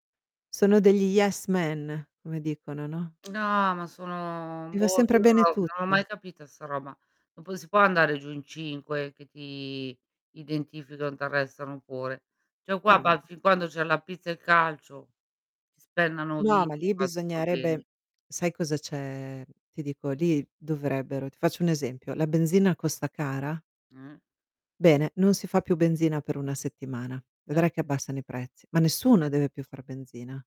Sono degli yes man, come dicono, no? No ma sono Gli va boh, io sempre bene non ho non l'ho tutto. mai capita 'sta roba. Ma poi non si può andare giù in 5 che ti identificano e ti arrestano pure. Cioè oh qua Ma ba no. fin quando c'è la pizza e il calcio si spennano No, vivi, ma lì va tutto bene. bisognerebbe sai cosa c'è? Ti dico, lì dovrebbero ti faccio un esempio, la benzina costa cara? Eh. Bene, non si fa più benzina per una settimana. Certo. Vedrai che abbassano i prezzi, ma nessuno Eh. deve più far benzina.